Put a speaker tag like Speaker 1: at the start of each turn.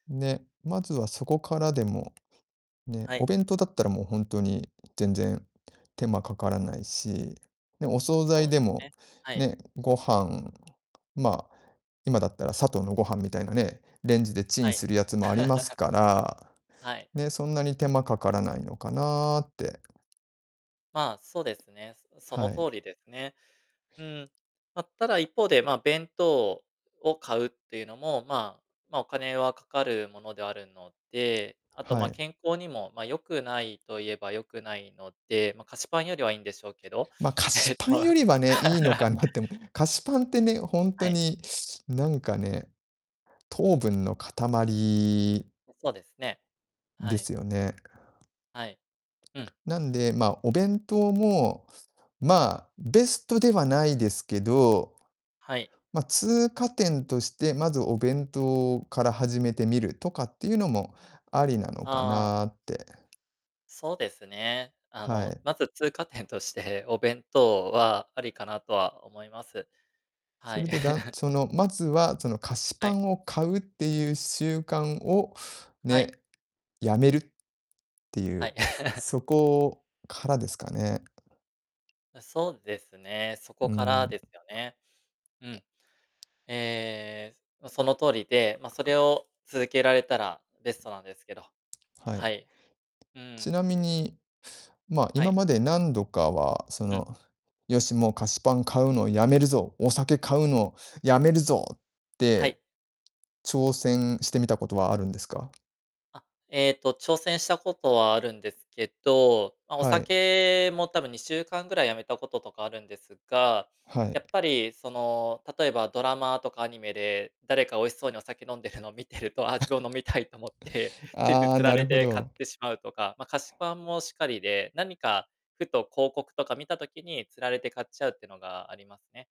Speaker 1: ね。まずはそこからでもね。
Speaker 2: は
Speaker 1: お
Speaker 2: い。
Speaker 1: 弁当だったら、もうほんとに全然手間かからないし。ね、お惣菜
Speaker 2: そうで
Speaker 1: でも、
Speaker 2: ね、はい。
Speaker 1: ね、ご飯、ま、今だったらサトウのごはんみたいなね、レンジでチ
Speaker 2: は
Speaker 1: ン
Speaker 2: い。
Speaker 1: するやつもあります から、
Speaker 2: はい。
Speaker 1: ね、そんなに手間かからないのかなって。
Speaker 2: まあ、そうですね、すあ、その
Speaker 1: は
Speaker 2: 通
Speaker 1: い。
Speaker 2: りでね。うーん。ま、ただ一方で、ま、弁当をを買うっていうのも、ま、ま、お金はかかるものであるので。あと、
Speaker 1: は
Speaker 2: ま、
Speaker 1: い。
Speaker 2: 健康にも、ま、良くないと言えば良くないので、ま、菓子パンよりはいいんでしょうけど。
Speaker 1: ま、菓
Speaker 2: え
Speaker 1: 子
Speaker 2: っと、
Speaker 1: パンよ
Speaker 2: ま
Speaker 1: りはね、いいのか なってもええ、菓子パンってね、ほん
Speaker 2: は
Speaker 1: と
Speaker 2: い。
Speaker 1: に、なんかね、糖分の塊
Speaker 2: うん、そうですね。は
Speaker 1: で
Speaker 2: い。
Speaker 1: すよね。
Speaker 2: はい。うん。
Speaker 1: なんで、ま、お弁当も、ま、ベストではないですけど、
Speaker 2: はい。
Speaker 1: ま、通過点として、まずお弁当から始めてみるとかっていうのも、ありなのか
Speaker 2: ああ。
Speaker 1: なって。
Speaker 2: そうですね。あ
Speaker 1: は
Speaker 2: の、
Speaker 1: い。
Speaker 2: まず通過点として、お弁当はありかなとは思います。は
Speaker 1: そ
Speaker 2: い。
Speaker 1: れでだん その、まずは、その、菓子
Speaker 2: は
Speaker 1: パ
Speaker 2: い。
Speaker 1: ンを買うっていう習慣を
Speaker 2: は
Speaker 1: ね、
Speaker 2: い。
Speaker 1: 止めるってい
Speaker 2: はい。
Speaker 1: う、そこからですかね。
Speaker 2: あ、そうですね、そ
Speaker 1: う
Speaker 2: こ
Speaker 1: ー
Speaker 2: からです
Speaker 1: ん。
Speaker 2: よね。うん。ええ、も、その通りで、ま、それを続けられたらベストなんですけど。
Speaker 1: は
Speaker 2: は
Speaker 1: い。
Speaker 2: い。う
Speaker 1: ち
Speaker 2: ん。
Speaker 1: なみに、ま、
Speaker 2: は
Speaker 1: 今
Speaker 2: い。
Speaker 1: まで何度かは、そ
Speaker 2: うん。
Speaker 1: の「よし、もう菓子パン買うのやめるぞ、お酒買うのやめるぞ」っ
Speaker 2: は
Speaker 1: て、
Speaker 2: い。
Speaker 1: 挑戦してみたことはあるんですか？
Speaker 2: あ、えっと、挑戦したことはあるんですけど、ま、お
Speaker 1: はい。
Speaker 2: 酒も多分2週間ぐらいやめたこととかあるんですが、
Speaker 1: は
Speaker 2: や
Speaker 1: い。
Speaker 2: っぱり、その、例えばドラマとかアニメで、誰か美味しそうにお酒飲んでるのを見てると、ああ、自分も飲みたいと思って、ついつい
Speaker 1: ああ、
Speaker 2: 釣ら
Speaker 1: なる
Speaker 2: れ
Speaker 1: ほ
Speaker 2: て買っ
Speaker 1: ど。
Speaker 2: てしまうとか。ま、菓子パンもしかりで、何か、ふと広告とか見た時に、釣られて買っちゃうっていうのがありますね。